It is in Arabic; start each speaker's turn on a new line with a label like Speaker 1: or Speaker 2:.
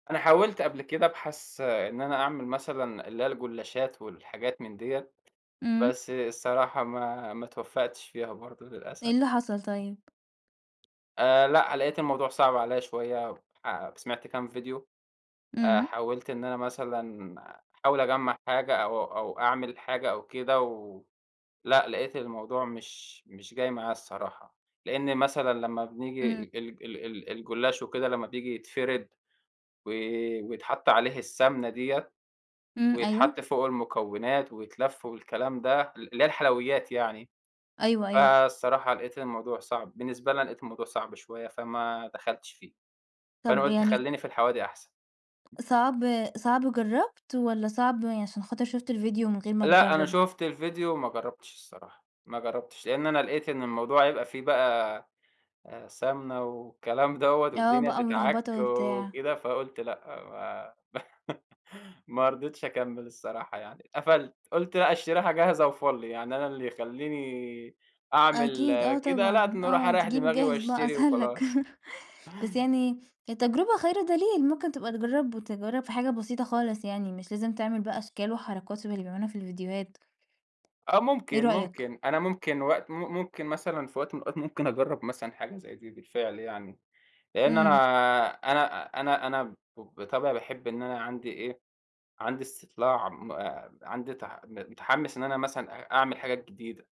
Speaker 1: أنا حاولت قبل كده ابحث إن أنا أعمل مثلًا اللي هي الجُلاشات والحاجات من ديَّة،
Speaker 2: إمم.
Speaker 1: بس الصراحة ما ما اتوفَّقتِش فيها برضه
Speaker 2: إيه
Speaker 1: للأسف.
Speaker 2: اللي حصل طيب؟
Speaker 1: آآ لأ، لقيت الموضوع صعب عليَّ شوية، فسمعت كام فيديو، آآ
Speaker 2: إمم.
Speaker 1: حاولت إن أنا مثلًا أحاول أجمَّع حاجة أو أو أعمل حاجة أو كده، و لأ، لقيت الموضوع مش مش جاي معايا الصراحة، لإن مثلًا لمّا بنيجي
Speaker 2: إمم.
Speaker 1: ال ال ال ال الجُلاش وكده لمّا بييجي يتفرد وي ويتحط عليه السَمنَة ديَّة،
Speaker 2: إمم، أيوه.
Speaker 1: ويتحط فوقه المكوِّنات ويتلف والكلام ده ال اللي هي الحلويات يعني،
Speaker 2: أيوه، أيوه.
Speaker 1: فالصراحة لقيت الموضوع صعب، بالنسبة لي أنا لقيت الموضوع صعب شوية، فما دخلتش فيه، فأنا
Speaker 2: طَب
Speaker 1: قُلت
Speaker 2: يعني
Speaker 1: خلّيني في الحوادق أحسن.
Speaker 2: صعب صعب جرَّبت، والَّا صعب عشان خاطر شُفت الفيديو من غير ما
Speaker 1: لأ أنا
Speaker 2: تجرَّب؟
Speaker 1: شُفت الفيديو وما جرَّبتش الصراحة، ما جرَّبتش، لإن أنا لقيت إن الموضوع هيبقى فيه بقى آآ، سَمنَة والكلام دوَّة
Speaker 2: آه
Speaker 1: والدنيا
Speaker 2: بقى
Speaker 1: تتعك
Speaker 2: ملخبطة وبتاع.
Speaker 1: وكده، فقُلت لأ ما ما رضيتش أكمِّل الصراحة يعني، اتقفلت، قُلت لأ اشتريها جاهزة وفُل، يعني أنا اللي يخلّيني أعمل
Speaker 2: أكيد، آه
Speaker 1: كده، لا ده
Speaker 2: طبعًا،
Speaker 1: أنا أروح
Speaker 2: آه،
Speaker 1: أريح
Speaker 2: تجيب
Speaker 1: دماغي
Speaker 2: جاهز بقى
Speaker 1: وأشتري
Speaker 2: أسهل لك،
Speaker 1: وخلاص.
Speaker 2: بس يعني، التجربة خير دليل، ممكن تبقى تجرَّب وتجرَّب في حاجة بسيطة خالص يعني، مش لازم تعمل بقى أشكال وحركات شَبَه اللي بيعملوها في الفيديوهات.
Speaker 1: آه
Speaker 2: إيه
Speaker 1: ممكن،
Speaker 2: رأيك؟
Speaker 1: ممكن، أنا ممكن وقت م ممكن مثلًا في وقت من الأوقات، ممكن أجرَّب مثلًا حاجة زي دي بالفعل يعني، لإن أنا
Speaker 2: إمم.
Speaker 1: أنا أنا أنا ب بطبعي باحب إن أنا عندي إيه، عندي استطلاع م عندي تح م متحمس إن أنا مثلًا أ أعمل حاجات جديدة.